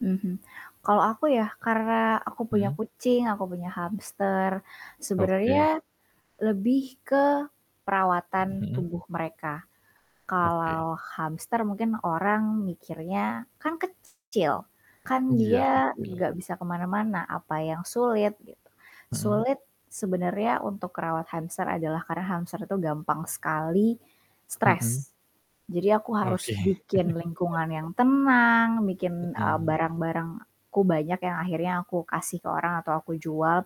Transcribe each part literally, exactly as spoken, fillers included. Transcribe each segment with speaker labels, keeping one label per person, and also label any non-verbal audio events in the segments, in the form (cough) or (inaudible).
Speaker 1: Mhm, kalau aku ya, karena aku punya
Speaker 2: Mhm.
Speaker 1: kucing, aku punya hamster.
Speaker 2: Oke.
Speaker 1: Sebenernya, lebih ke perawatan
Speaker 2: Heeh.
Speaker 1: tubuh mereka,
Speaker 2: Oke.
Speaker 1: kalau hamster mungkin orang mikirnya, "Kan kecil, kan
Speaker 2: Iya,
Speaker 1: dia
Speaker 2: kecil.
Speaker 1: gak bisa kemana-mana, apa yang sulit?" Gitu,
Speaker 2: Mhm.
Speaker 1: sulit sebenernya untuk kerawat hamster adalah karena hamster itu gampang sekali
Speaker 2: Mhm.
Speaker 1: stres. Jadi aku
Speaker 2: Oke.
Speaker 1: harus bikin
Speaker 2: (chuckles)
Speaker 1: lingkungan yang tenang, bikin, eee,
Speaker 2: Mhm.
Speaker 1: barang-barangku banyak yang akhirnya aku kasih ke orang atau aku jual,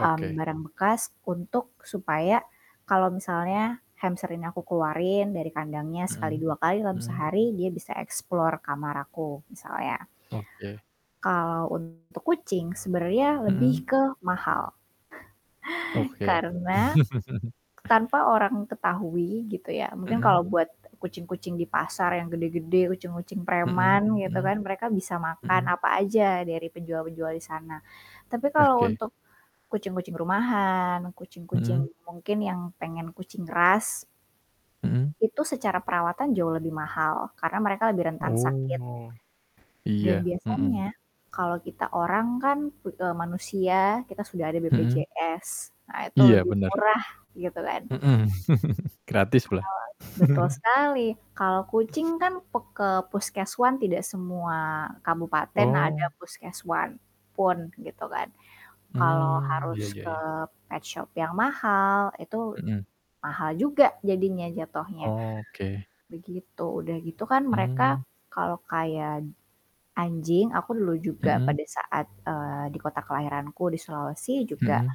Speaker 1: mmm, barang bekas untuk supaya kalau misalnya hamster ini aku keluarin dari kandangnya sekali,
Speaker 2: Hmm,
Speaker 1: dua kali, dalam
Speaker 2: hmm.
Speaker 1: sehari, dia bisa explore kamar aku, misalnya.
Speaker 2: Oke.
Speaker 1: Kalau untuk kucing sebenernya
Speaker 2: Mhm.
Speaker 1: lebih ke mahal. (chuckles)
Speaker 2: Oke.
Speaker 1: Karena,
Speaker 2: (chuckles)
Speaker 1: tanpa orang ketahui gitu ya, mungkin
Speaker 2: Mhm.
Speaker 1: kalau buat kucing-kucing di pasar yang gede-gede. kucing-kucing
Speaker 2: Mhm
Speaker 1: preman gitu
Speaker 2: mhm.
Speaker 1: kan, mereka bisa makan
Speaker 2: Mhm.
Speaker 1: apa aja dari penjual-penjual disana. Tapi kalau
Speaker 2: Oke.
Speaker 1: untuk kucing-kucing rumahan, kucing-kucing,
Speaker 2: Mhm.
Speaker 1: mungkin yang pengen kucing ras
Speaker 2: Mhm.
Speaker 1: itu secara perawatan jauh lebih mahal, karena mereka lebih rentan sakit.
Speaker 2: Oh,
Speaker 1: Dan
Speaker 2: iya, mhm.
Speaker 1: biasanya, kalau kita orang kan, u e manusia, kita sudah ada
Speaker 2: Mhm.
Speaker 1: BPJS. Nah, itu
Speaker 2: Iya,
Speaker 1: lebih
Speaker 2: benar.
Speaker 1: murah, gitu kan.
Speaker 2: Mhm, (chuckles) gratis
Speaker 1: Kalau
Speaker 2: pula.
Speaker 1: betul
Speaker 2: (chuckles)
Speaker 1: sekali, kalau kucing kan, pek ke puskeswan tidak semua kabupaten ada
Speaker 2: Oh.
Speaker 1: puskeswan pun, gitu kan. Kalau
Speaker 2: Mmm,
Speaker 1: harus
Speaker 2: iya iya
Speaker 1: ke
Speaker 2: iya.
Speaker 1: petshop yang mahal, itu
Speaker 2: Mhm.
Speaker 1: mahal juga jadinya, jatuhnya,
Speaker 2: Oke.
Speaker 1: begitu. Udah gitu kan, mereka
Speaker 2: Mmm.
Speaker 1: kalau kayak anjing, aku dulu juga
Speaker 2: Mhm.
Speaker 1: pada saat, eee, di kota kelahiranku, di Sulawesi juga
Speaker 2: Mhm.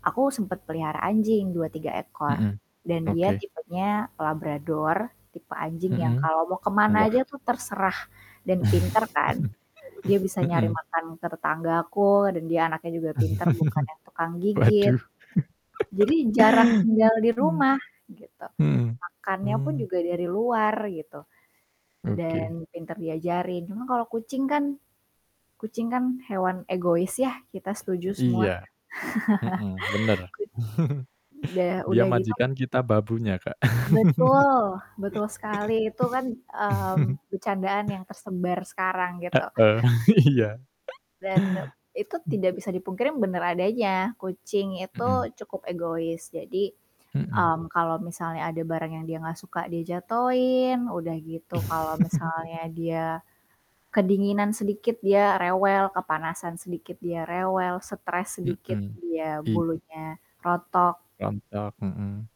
Speaker 1: aku sempet pelihara anjing, dua, tiga ekor
Speaker 2: Mhm,
Speaker 1: dan dia
Speaker 2: oke.
Speaker 1: tipenya Labrador, tipe anjing yang
Speaker 2: Mhm,
Speaker 1: kalau mau kemana
Speaker 2: wah.
Speaker 1: aja tuh terserah, dan pinter kan.
Speaker 2: (chuckles)
Speaker 1: Dia bisa nyari
Speaker 2: Mhm.
Speaker 1: makan ke tetanggaku dan dia anaknya juga pinter bukan
Speaker 2: (chuckles)
Speaker 1: yang tukang gigit.
Speaker 2: Waduh.
Speaker 1: Jadi, jarang
Speaker 2: (chuckles)
Speaker 1: tinggal di rumah, gitu.
Speaker 2: Hmm,
Speaker 1: Makannya pun
Speaker 2: hmm.
Speaker 1: juga dari luar gitu,
Speaker 2: Oke.
Speaker 1: dan pinter diajarin. Cuman, kalau kucing kan kucing kan hewan egois ya, kita setuju semua.
Speaker 2: Iya, mhm, bener.
Speaker 1: (chuckles)
Speaker 2: (chuckles)
Speaker 1: Udah
Speaker 2: Dia
Speaker 1: udah gitu
Speaker 2: majikan kita babunya Kak.
Speaker 1: Betul! Betul sekali, itu kan, eee,
Speaker 2: (laughs)
Speaker 1: becandaan yang tersebar sekarang, gitu.
Speaker 2: Heeh, iya.
Speaker 1: Dan, e itu
Speaker 2: (chuckles)
Speaker 1: tidak bisa dipungkiri bener adanya, kucing itu
Speaker 2: Mhm.
Speaker 1: cukup egois. Jadi,
Speaker 2: Mhm.
Speaker 1: mmm, kalau misalnya ada barang yang dia gak suka, dia jatohin, udah gitu kalau
Speaker 2: (chuckles)
Speaker 1: misalnya dia kedinginan sedikit dia rewel, kepanasan sedikit dia rewel, stres sedikit
Speaker 2: Mhm,
Speaker 1: dia
Speaker 2: i
Speaker 1: bulunya rontok.
Speaker 2: Rontok, mhm.